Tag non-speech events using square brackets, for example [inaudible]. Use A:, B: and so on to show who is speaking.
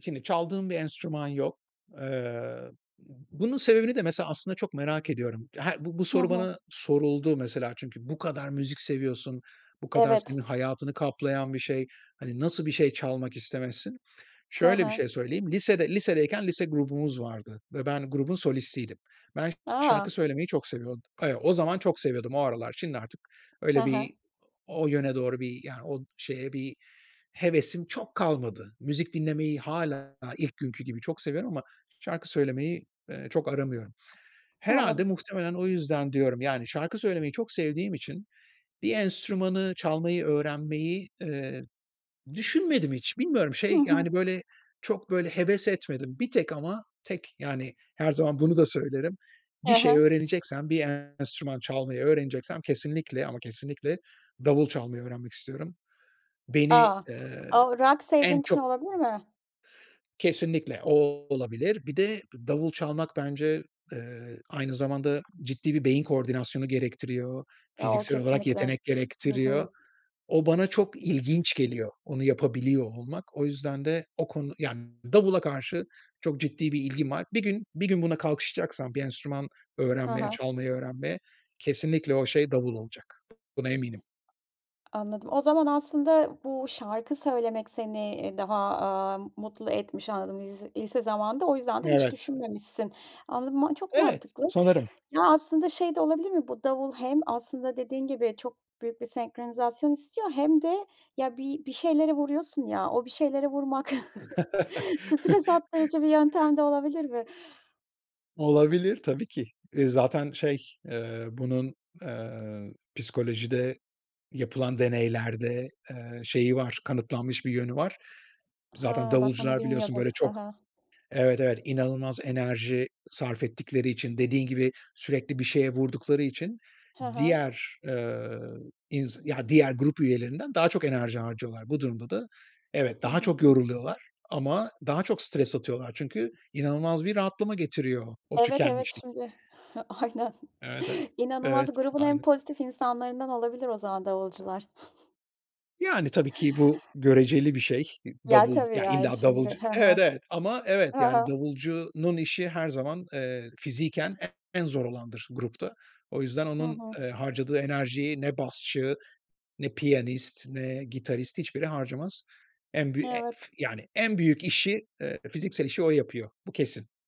A: Şimdi çaldığım bir enstrüman yok. Eee, bunun sebebini de mesela, aslında, çok merak ediyorum. Her bu bu
B: Hı
A: soru
B: hı.
A: bana soruldu, mesela. Çünkü bu kadar müzik seviyorsun, bu kadar senin
B: Evet.
A: hayatını kaplayan bir şey, hani, nasıl bir şey çalmak istemezsin?
B: Hı
A: Şöyle bir
B: hı.
A: şey söyleyeyim. Lisede lisedeyken lise grubumuz vardı ve ben grubun solistiydim. Ben
B: A.
A: şarkı söylemeyi çok seviyord Eee, o zaman çok seviyordum, o aralar. Şimdi artık
B: Hı
A: öyle bir
B: hı.
A: o yöne doğru bir yani, o şeye, bir hevesim çok kalmadı. Müzik dinlemeyi hâlâ ilk günkü gibi, çok seviyorum ama şarkı söylemeyi, eee, çok aramıyorum. Herhâlde,
B: Anladım.
A: muhtemelen o yüzden diyorum yani, şarkı söylemeyi çok sevdiğim için, bir enstrümanı çalmayı öğrenmeyi, eee, düşünmedim hiç. Bilmiyorum
B: Hı
A: şey,
B: hı.
A: yani, böyle çok böyle heves etmedim; bir tek ama tek yani, her zaman bunu da söylerim. Bir
B: [unintelligible]
A: şey
B: hı.
A: öğreneceksem, bir enstrüman çalmayı öğreneceksem, kesinlikle ama kesinlikle davul çalmayı öğrenmek istiyorum. Beni,
B: A,
A: ııı,
B: o rock sevdiğin
A: en
B: için
A: çok
B: olabilir mi?
A: Kesinlikle, o, olabilir. Bir de davul çalmak bence, eee, aynı zamanda, ciddi bir beyin koordinasyonu gerektiriyor,
B: O,
A: fiziksel olarak
B: kesinlikle.
A: yetenek
B: Hı
A: gerektiriyor.
B: hı.
A: O bana çok ilginç geliyor, onu yapabiliyor olmak. O yüzden de, o konu Ya, davula karşı çok ciddi bir ilgim var. Bir gün bir gün buna kalkışacaksam, bir enstrüman
B: Hı
A: öğrenmeye,
B: hı.
A: çalmayı öğrenmeye, kesinlikle o şey davul olacak. Buna eminim.
B: Anladım. O zaman aslında, bu şarkı söylemek seni, iii, daha, aaa, mutlu etmiş anladım, lis lise zamanında. O yüzden de hiç
A: Evet.
B: düşünmemişsin. Anladım, ma çok
A: Evet,
B: mantıklı.
A: sanırım.
B: Ya, aslında şey de olabilir mi? Bu davul hem aslında dediğin gibi, çok büyük bir senkronizasyon istiyor, hem de ya, bi bir şeylere vuruyorsun ya. O bir şeylere vurmak, [chuckles] stres attırıcı bir
A: [laughs]
B: yöntem de olabilir mi?
A: Olabilir, tabii ki. Iıı, zaten şey, eee, bunun, eee, psikolojide yapılan deneylerde, eee, şeyi var, kanıtlanmış bir yönü var. Zaten
B: Hıı, bak, bunu
A: davulcular biliyorsun
B: bilmiyordum.
A: böyle,
B: Hı
A: çok,
B: hı.
A: evet, evet, inanılmaz enerji sarf ettikleri için, dediğin gibi, sürekli bir şeye vurdukları için,
B: Hı hı.
A: diğer, ııı, ins ya, diğer grup üyelerinden daha çok enerji harcıyorlar. Bu durumda da evet,
B: Hı
A: daha
B: hı.
A: çok yoruluyorlar ama daha çok stres atıyorlar. Çünkü inanılmaz bir rahatlama getiriyor, o
B: Evet, evet,
A: tükenmişlik.
B: şimdi. Aynen.
A: Evet, e
B: İnanılmaz,
A: Evet,
B: grubun en
A: aynı.
B: pozitif insanlarından olabilir, o zaman davulcular.
A: Yani, tabii ki, bu göreceli bir şey.
B: Ya,
A: Davul,
B: tabii,
A: ya
B: yani,
A: illa
B: şimdi.
A: davulcu
B: Hı
A: Evet,
B: hı,
A: evet. Ama, evet,
B: hı
A: yani,
B: hı.
A: davulcunun işi her zaman, eee, fiziken en zor olandır, grupta. O yüzden
B: Hı
A: onun,
B: hı.
A: eee, harcadığı enerjiyi ne basçı, ne piyanist, ne gitarist, hiçbiri harcamaz. En büy en
B: Evet.
A: [unintelligible] yani en büyük işi, eee, fiziksel işi o yapıyor. Bu kesin.